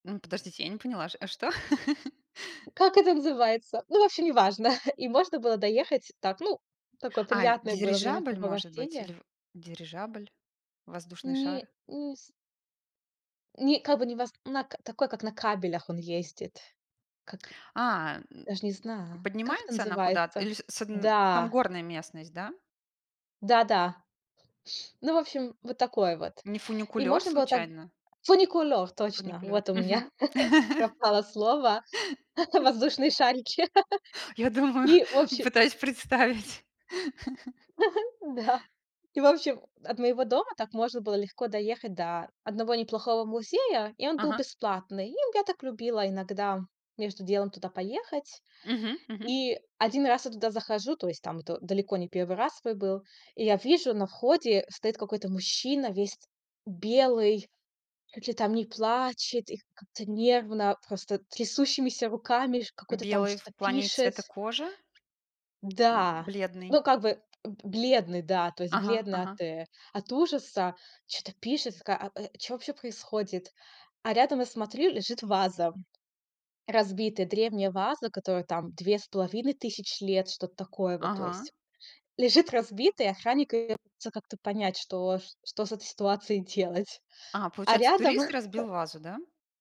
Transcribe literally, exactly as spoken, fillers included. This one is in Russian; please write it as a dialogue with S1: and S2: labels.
S1: Ну, подождите, я не поняла, ш а что?
S2: Как это называется? Ну, в общем, неважно. И можно было доехать так, ну, такое
S1: А,
S2: приятное было
S1: дирижабль, может быть
S2: времяпрепровождение.
S1: или в дирижабль, воздушный шар?
S2: Не не с не как бы не вас на к такой, как на кабелях он ездит. Как
S1: А. Э.
S2: даже не знаю. Как это
S1: Поднимается она куда-то
S2: называется?
S1: или с с одн там
S2: Да.
S1: горная местность, да?
S2: Да-да. Ну, в общем, вот такое вот.
S1: Не
S2: И
S1: фуникулёр,
S2: можно было так
S1: случайно?
S2: фуникулер, точно.
S1: Фуникулёр.
S2: Вот у
S1: Мгм.
S2: меня пропало слово. Воздушные шарики.
S1: Я думаю,
S2: И, в общем.
S1: пытаюсь представить.
S2: Да. И в общем, от моего дома так можно было легко доехать до одного неплохого музея. И он был
S1: Ага.
S2: бесплатный. И я так любила иногда между делом туда поехать.
S1: Мгм мгм.
S2: И. Один раз я туда захожу, то есть, там, это далеко не первый свой был. И я вижу на входе стоит какой-то мужчина весь белый, чуть ли там не плачет и как-то нервно, просто трясущимися руками ш какой-то, там,
S1: Белый в
S2: что-то
S1: плане
S2: пишет.
S1: цвета кожи? М,
S2: Да. Ну,
S1: бледный.
S2: как бы б бледный, да. То есть
S1: Ага.
S2: бледный от
S1: Ага.
S2: э от ужаса. Чё-то пишет, в ка а, э, что вообще происходит? А рядом, я смотрю, лежит ваза. Разбитая. Древняя ваза, которой, там, две с половиной тысяч лет. Что-то такое вот, то
S1: Ага.
S2: есть. Лежит разбита, и охранник её пытается как-то понять, что ч что с этой ситуацией делать.
S1: А,
S2: А
S1: получается,
S2: рядом.
S1: турист разбил вазу, да?